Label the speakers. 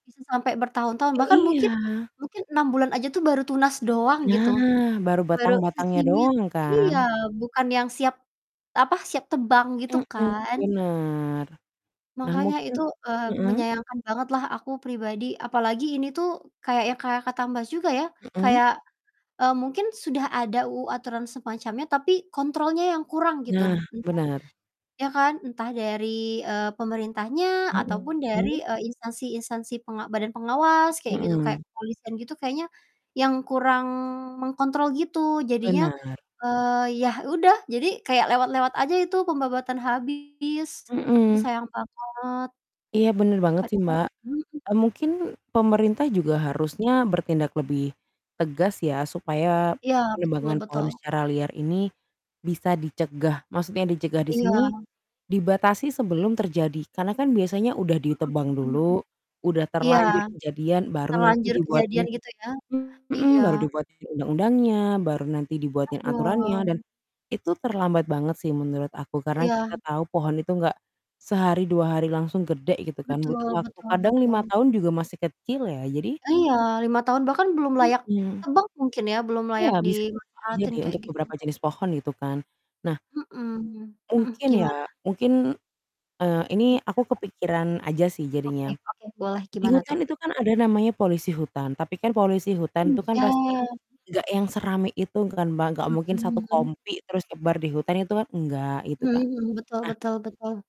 Speaker 1: Bisa sampai bertahun-tahun bahkan mungkin
Speaker 2: Iya.
Speaker 1: mungkin 6 aja tuh baru tunas doang gitu.
Speaker 2: Nah, baru
Speaker 1: Baru
Speaker 2: batang-batangnya
Speaker 1: secimit.
Speaker 2: doang
Speaker 1: Iya,
Speaker 2: kan?
Speaker 1: bukan yang siap apa, siap tebang gitu
Speaker 2: Hmm,
Speaker 1: kan.
Speaker 2: benar. Nah
Speaker 1: Makanya
Speaker 2: mungkin
Speaker 1: itu, eee,
Speaker 2: mhm.
Speaker 1: menyayangkan bangetlah aku pribadi, apalagi ini tuh kayak yang kayak kata Mbak juga ya,
Speaker 2: Mhm.
Speaker 1: kayak, eee, mungkin sudah ada UU aturan semacamnya tapi kontrolnya yang kurang gitu.
Speaker 2: Nah,
Speaker 1: Entah
Speaker 2: benar.
Speaker 1: Ya kan? Entah dari, eee, pemerintahnya, ataupun
Speaker 2: Mhm.
Speaker 1: dari, eee, instansi-instansi penga badan pengawas kayak gitu
Speaker 2: Mhm.
Speaker 1: kayak, kepolisian gitu kayaknya, yang kurang mengkontrol gitu. Jadinya,
Speaker 2: Benar.
Speaker 1: eee, ya udah, jadi kayak lewat-lewat aja itu pembabatan habis. duh
Speaker 2: Heeh.
Speaker 1: sayang banget.
Speaker 2: Iya benar banget sih,
Speaker 1: Padahal
Speaker 2: Mbak.
Speaker 1: mhm.
Speaker 2: Eee, mungkin, pemerintah juga harusnya bertindak lebih tegas ya, supaya
Speaker 1: Iya, betul
Speaker 2: penebangan pohon
Speaker 1: betul.
Speaker 2: secara liar ini, bisa dicegah. Maksudnya dicegah di sini,
Speaker 1: Iya.
Speaker 2: dibatasi sebelum terjadi. Karena kan biasanya udah
Speaker 1: Mhm,
Speaker 2: ditebang
Speaker 1: mhm mhm.
Speaker 2: dulu, udah
Speaker 1: Iya,
Speaker 2: terlanjur kejadian, baru nanti
Speaker 1: terlanjur
Speaker 2: dibuatin
Speaker 1: kejadian gitu ya.
Speaker 2: heeh,
Speaker 1: Iya.
Speaker 2: baru dibuatin undang-undangnya, baru nanti dibuatin aturannya, dan
Speaker 1: Aduh.
Speaker 2: itu terlambat banget sih menurut aku, karena
Speaker 1: Iya.
Speaker 2: kita tahu pohon itu nggak sehari, dua hari, langsung gede gitu kan,
Speaker 1: Betul
Speaker 2: butuh waktu
Speaker 1: betul
Speaker 2: kadang 5
Speaker 1: betul.
Speaker 2: tahun juga masih kecil ya. Jadi
Speaker 1: Iya, 5 tahun, bahkan belum layak
Speaker 2: Mhm.
Speaker 1: tebang mungkin ya, belum
Speaker 2: Iya,
Speaker 1: layak
Speaker 2: bisa
Speaker 1: dimanfaatin
Speaker 2: jadi
Speaker 1: kayak
Speaker 2: untuk
Speaker 1: gitu.
Speaker 2: beberapa jenis pohon, gitu kan. Nah
Speaker 1: Mhm, mhm,
Speaker 2: mungkin ya,
Speaker 1: gimana?
Speaker 2: mungkin, eee, ini
Speaker 1: Gimana
Speaker 2: aku
Speaker 1: Mbak?
Speaker 2: kepikiran aja sih
Speaker 1: Oke
Speaker 2: jadinya.
Speaker 1: oke boleh,
Speaker 2: Di
Speaker 1: gimana tuh?
Speaker 2: hutan itu kan ada namanya polisi hutan, tapi kan polisi hutan
Speaker 1: Oh,
Speaker 2: itu kan pasti,
Speaker 1: iya.
Speaker 2: nggak yang serame itu kan Mbak, nggak mungkin 1
Speaker 1: Mhm mhm.
Speaker 2: kompi, terus nyebar di hutan itu kan enggak, gitu
Speaker 1: Mmm,
Speaker 2: kan.
Speaker 1: mhm, betul
Speaker 2: Nah
Speaker 1: betul betul.